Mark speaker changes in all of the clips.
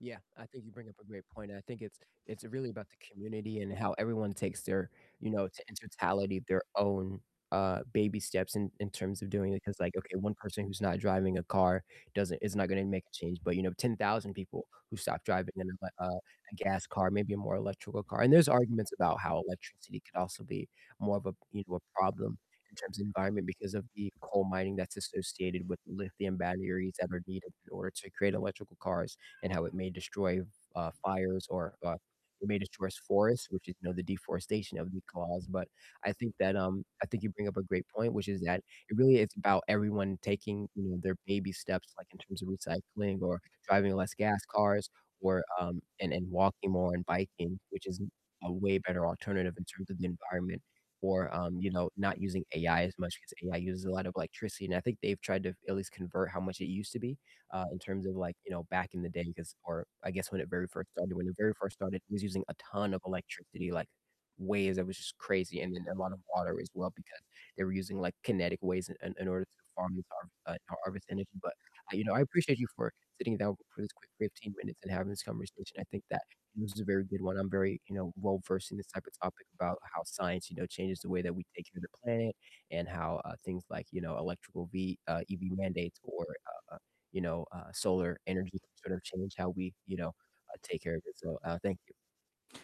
Speaker 1: Yeah, I think you bring up a great point, and I think it's it's really about the community and how everyone takes their, you know, to in totality their own, uh, baby steps in in terms of doing it 'cause like, okay, 1 person who's not driving a car doesn't is not gonna make a change, but, you know, 10,000 people who stop driving in a, uh a gas car, maybe a more electrical car, and there's arguments about how electricity could also be more of a, you know, a problem in terms of environment because of the coal mining that's associated with lithium batteries that are needed in order to create electrical cars, and how it may destroy, f uh, fires or, uh, it may destroys forests, which is, you know, the deforestation that would be caused, but I think that, um I think you bring up a great point, which is that it really is about everyone taking, you know, their baby steps, like in terms of recycling or driving less gas cars or, um and and walking more and biking, which is a way better alternative in terms of the environment or, um, you know, not using AI as much 'cause AI uses a lot of electricity, and I think they've tried to at least convert how much it used to be, uh, in terms of like, you know, back in the day 'cause or I guess when it very first started, when it very first started, it was using a ton of electricity, like, ways that was just crazy, and then a lot of water as well because they were using, like, kinetic ways in in order to farm these har uh, harvest energy, but, you know, I appreciate you for sitting down for this quick 15 minutes and having this conversation, I think that this was a very good one, I'm very, you know, well-versed in this type of topic about how science, you know, changes the way that we take care of the planet and how, uh, things like, you know, electrical v uh, EV mandates or, uh, you know, uh, solar energy can sort of change how we, you know, uh, take care of it so, uh, thank you.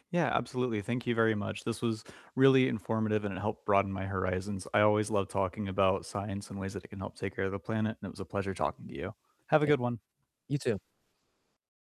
Speaker 2: Yeah, absolutely, thank you very much, this was really informative, and it helped broaden my horizons, I always love talking about science and ways that it can help take care of the planet, and it was a pleasure talking to you. Have a
Speaker 1: [unintelligible]
Speaker 2: good one.
Speaker 1: You too.